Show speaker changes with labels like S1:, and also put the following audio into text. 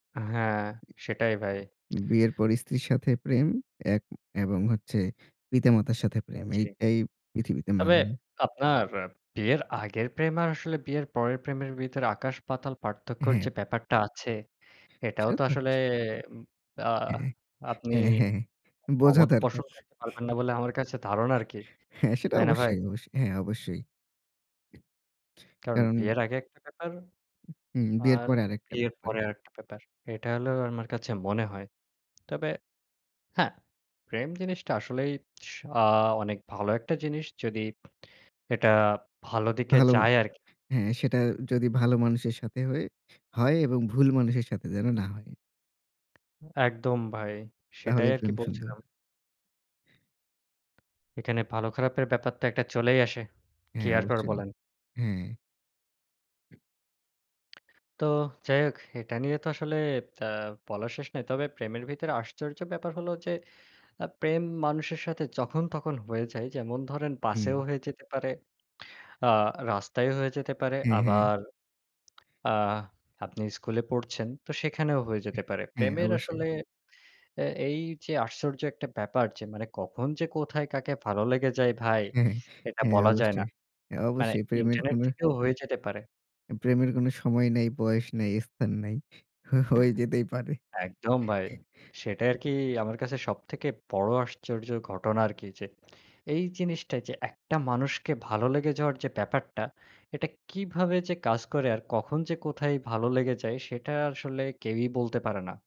S1: হ্যাঁ, সেটাই ভাই।
S2: বিয়ের পর স্ত্রীর সাথে প্রেম এক এবং হচ্ছে পিতা-মাতার সাথে
S1: উ
S2: প্রেম। এ
S1: জ্বি।
S2: এই পৃথিবীতে
S1: তবে
S2: মানায়।
S1: আপনার বিয়ের আগের প্রেম আর আসলে বিয়ের পরের প্রেমের ভিতর আকাশ-পাতাল পার্থক্যের যে,
S2: হ্যাঁ।
S1: ব্যাপারটা আছে, এটাও
S2: সেটা
S1: তো
S2: তো
S1: আসলে
S2: [unintelligible]
S1: উব আ
S2: হ্যাঁ,
S1: আপনি
S2: হ্যাঁ, হ্যাঁ। বোঝা
S1: অমত
S2: দরকার।
S1: পোষণ করতে পারবেন না বলে আমার কাছে ধারণা আরকি।
S2: হ্যাঁ, সেটা
S1: তাই না ভাই?
S2: অবশ্যই, অবশ্যই। হ্যাঁ, অবশ্যই।
S1: কারণ
S2: কারণ
S1: বিয়ের আগে একটা ব্যাপার
S2: উ বিয়ের
S1: আর
S2: পরে আরেকটা
S1: বিয়ের
S2: ব্যাপার।
S1: পরে আরেকটা ব্যাপার, এটা হলো আমার কাছে মনে হয়। তবে হ্যাঁ, প্রেম জিনিসটা আসলেই স আ অনেক ভালো একটা জিনিস, যদি এটা ভালো দিকে
S2: ভালো,
S1: যায় আরকি।
S2: হ্যাঁ, সেটা যদি ভালো মানুষের সাথে হয় হয় এবং ভুল মানুষের সাথে যেন না হয়।
S1: একদম ভাই, সেটাই
S2: তাহলেই
S1: আরকি
S2: প্রেম সুন্দর।
S1: বলছিলাম। এখানে ভালো খারাপের ব্যাপার তো একটা চলেই আসে।
S2: হ্যাঁ,
S1: ক্লিয়ার করে
S2: অবশ্যই,
S1: বলেন।
S2: হ্যাঁ।
S1: তো যাই হোক এটা নিয়ে তো আসলে আ বলার শেষ নাই। তবে প্রেমের ভিতরে আশ্চর্য ব্যাপার হলো যে, আ প্রেম মানুষের সাথে যখন তখন হয়ে যায়। যেমন ধরেন বাসেও
S2: হুম।
S1: হয়ে যেতে পারে। আ রাস্তায়ও হয়ে যেতে পারে
S2: হ্যাঁ, হ্যাঁ।
S1: আবার আ আপনি স্কুলে পড়ছেন তো সেখানেও হয়ে যেতে পারে।
S2: হ্যাঁ,
S1: প্রেমের
S2: অবশ্যই।
S1: আসলে এ এইযে আশ্চর্য একটা ব্যাপার যে, মানে কখন যে, কোথায় কাকে ভালো লেগে যায় ভাই
S2: হ্যাঁ,
S1: এটা
S2: হ্যাঁ,
S1: বলা যায় না।
S2: অবশ্যই।
S1: মানে
S2: অবশ্যই প্রেমের
S1: ইন্টারনেট
S2: কোনো
S1: থেকেও হয়ে যেতে পারে।
S2: প্রেমের কোনো সময় নাই, বয়স নাই, স্থান নাই, হ হয়ে যেতেই পারে।
S1: একদম ভাই। সেটাই আরকি আমার কাছে সবথেকে বড় আশ্চর্যর ঘটনা আরকি যে, এই জিনিসটা যে, একটা মানুষকে ভালো লেগে যাওয়ার যে, ব্যাপারটা, এটা কিভাবে যে, কাজ করে আর কখন যে, কোথায় ভালো লেগে যায়? সেটা আসলে কেউই বলতে পারে না।